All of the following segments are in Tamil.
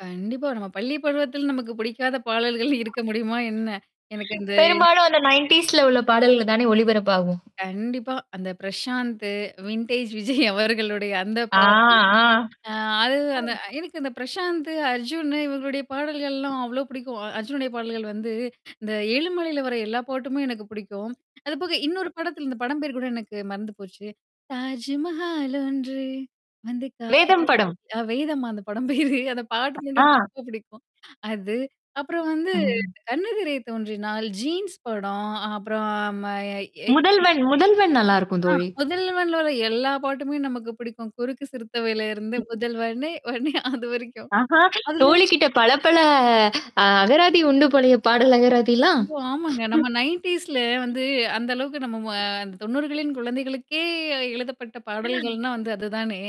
கண்டிப்பா. நம்ம பள்ளி பருவத்துல நமக்கு பிடிக்காத பாடல்கள் இருக்க முடியுமா, என்ன? எனக்கு அந்த பெரும்பாலும் அந்த 90ஸ்ல உள்ள பாடல்கள் தானே ஒளிபரப்பாகும். கண்டிப்பா. அந்த பிரசாந்த் வின்டேஜ் விஜய் அவர்களுடைய அந்த ஆ. பாடல். ஆ. ஆ அது அந்த [unintelligible] எனக்கு இந்த பிரசாந்த், அர்ஜுனு இவர்களுடைய பாடல்கள்லாம் அவ்ளோ பிடிக்கும். அர்ஜுனுடைய பாடல்கள் வந்து இந்த எழுமலையில வர எல்லா பாட்டுமே எனக்கு புடிக்கும். அதுபோக இன்னொரு படத்தில இந்த படம் பேர் கூட எனக்கு மறந்து போச்சு. தாஜ்மஹாலொன்று வந்து காதல் வேதம் படம். அ வேதம்மா அந்த படம் பேரு. அந்த பாட்டு மட்டும் எனக்கு ஆ. ரொம்ப புடிக்கும். அது. அப்புறம் வந்து ம். கண்ணெதிரே தோன்றினாள், ஜீன்ஸ் படம் அப்புறம் ம [unintelligible] முதல்வன், முதல்வன் நல்லாருக்கும் ஆ, தோழி! முதல்வன்ல வர எல்லா பாட்டுமே நமக்கு புடிக்கும். குறுக்கு சிறுத்தவளேல இருந்து முதல்வனே! வன்னே! அதுவரைக்கும். ஆஹா! அதுல தோழிகிட்ட பலபல அ அகராதி உண்டு போலய பாடல் அகராதிலாம்! அய்யோ! ஆமாங்க. நம்ம 90ஸ்ல வந்து அந்த அளவுக்கு நம்ம ம அந்த 90களின் குழந்தைகளுக்கே எழுதப்பட்ட பாடல்கள்ன்னா வந்து அது தானே.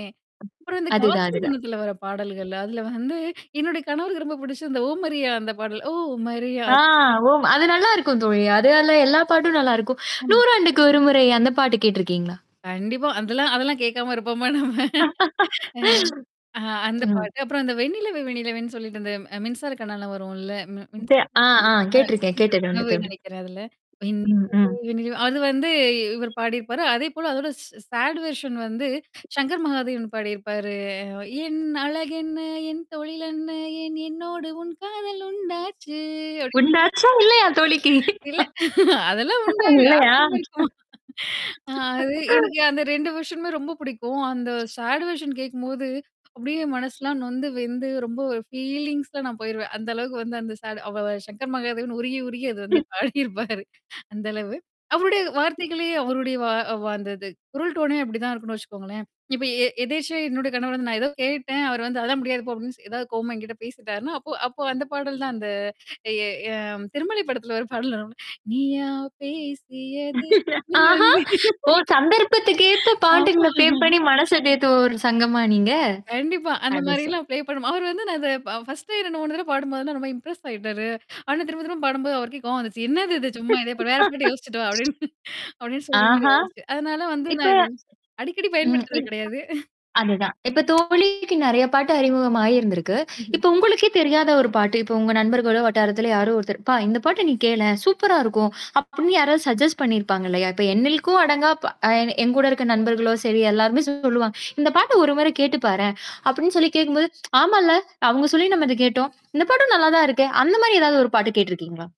அப்புறம் இந்த அதுதான், காதலர் அதுதான். தினத்துல வர பாடல்கள், அதுல வந்து என்னுடைய கணவருக்கு ரொம்ப பிடிச்சு இந்த ஓமரியா அந்த பாடல். ஓ! மரியா ஆ அது ஓம். அது நல்லாருக்கும் தோழி. அதுல எல்லா பாட்டும் நல்லாருக்கும். ஆமா. 100 ஆண்டுக்கு ஒரு முறை அந்த பாட்டு கேட்டுருக்கீங்களா? கண்டிப்பா. அந்தெல்லாம் அதெல்லாம் கேக்காம இருப்போம்மோ! நம்ம. அ. ஆ அந்த ம். பாட்டு. அப்புறம் அந்த வெண்ணிலவே வெண்ணிலவேன்னு சொல்லிட்டு அந்த மின்சார கண்ணால வரும்ல? தெ மின்சார ஆ, ஆ, கேட்டுருக்கேன். கேட்டது உண்டு கனவுன்னு தோழி! நெனக்கிறேன் அதுல. வெண்ணிலவே ம், ம். வென்னிநிலவே அது வந்து இ இவர் பாடியிருப்பாரு. அதேபோல அதோட சாட் வெர்ஷன் வந்து சங்கர் மகாதேவன் பாடியிருப்பாரு. என் அழகென்ன? என் தொழில் என்ன? ஏன் என்னோடு உன் காதல் உண்டாச்சு? அப்படின்னு உண்டாச்சா இல்லயா! தோழிக்கு இல்ல. அதெல்லாம் [unintelligible] [unintelligible] இல்லயா! ஆர்வம் இருக்குமா. அ அது எனக்கு அந்த வெர்ஷனுமே ரொம்ப புடிக்கும். அந்த சாடுவெர்ஷன் கேக்கும்போது அப்பிடியே மனசுலாம் நொந்து, வெந்து ரொம்ப ஒரு ஃபீலிங்ஸ்ல நான் போயிருவேன். அந்த அளவுக்கு வந்து அந்த சாடு அவ சங்கர் மகாதேவன் உருகி, உருகி அது வந்து ம். பாடியிருப்பாரு. அந்த அளவு. அவருடைய வார்த்தைகளே அவருடைய வா அந்த இது. குரல் டோனே அப்பிடி தான் இருக்குன்னு வச்சுக்கோங்களேன். இப்ப எ எதேச்சே என்னோட கணவர் வந்து நான் ஏதோ கேட்டேன். அவர் வந்து அதான் முடியாது போ! அப்பிடின்னு ஏதாவது கோவமா என்கிட்ட பேசிட்டாருன்னா, அப்போ, அப்போ அந்த பாடல் தான் அந்த எ அ திருமலை படத்துல ஒரு பாடல் வரும்ல நீயா பேசியது. என் ஆஹா! அன்பே ஓ! சந்தர்ப்பத்துக்கேத்த ஆமா பாட்டுங்கள ஃபிளே பண்ணி மனச தேத்துவோர் சங்கமா நீங்க? கண்டிப்பா. அது சரி. அந்தமாரிலாம் ப்ளே பண்ணுவோம். அவரு வந்து நான் அத ஃபர்ஸ்டே 2, 3 தடவ பாடும்போதுெல்லாம் ரொம்ப இம்ப்ரெஸ் ஆயிட்டாரு. ஆனா திரும்ப திரும்ப பாடும்போது அவருக்கே கோவம் வந்துச்சு. என்னது இது சும்மா இதேப்பா வேற பாட்ட யோசிச்சுட்டு வா! அப்பிடின்னு அப்பிடின்னு சொல்றமாரி ஆஹா! ஆயிச்சு. அதனால வந்து இப்ப நான் இது அடிக்கடி ம். பயன்படுத்துறது இப் கிடையாது. அதுதான். இப்ப தோழிக்கு நிறைய பாட்டு அறிமுகம் ஆயிருந்திருக்கு. ம்ஹ்ம். இப்ப உங்களுக்கே தெரியாத ஒரு பாட்டு. இப்ப உங்க நண்பர்களோ! வட்டாரத்தில யாரோ ஒருத்தர், "அப்பா! இந்த பாட்ட நீ கேளேன்! சூப்பரா இருக்கும்" அப்பிடின்னு யாராவது சஜ்ஜஸ்ட் பண்ணியிருப்பாங்க இல்லயா! இப்ப என்னில்க்கும் அடங்கா எ என்கூட இருக்க நண்பர்களோ! சரி எல்லாருமே சொல்லுவாங்க. இந்த பாட்ட ஒரு முறை கேட்டு பாரேன். அப்பிடின்னு சொல்லி கேட்கும்போது, ஆமால்ல, அவுங்க சொல்லி நம்ம இத கேட்டோம். இந்த பாட்டும் நல்லா தான் இருக்கே! அந்தமாரி ஏதாவது ஒரு பாட்டு கேட்டுருக்கீங்களா?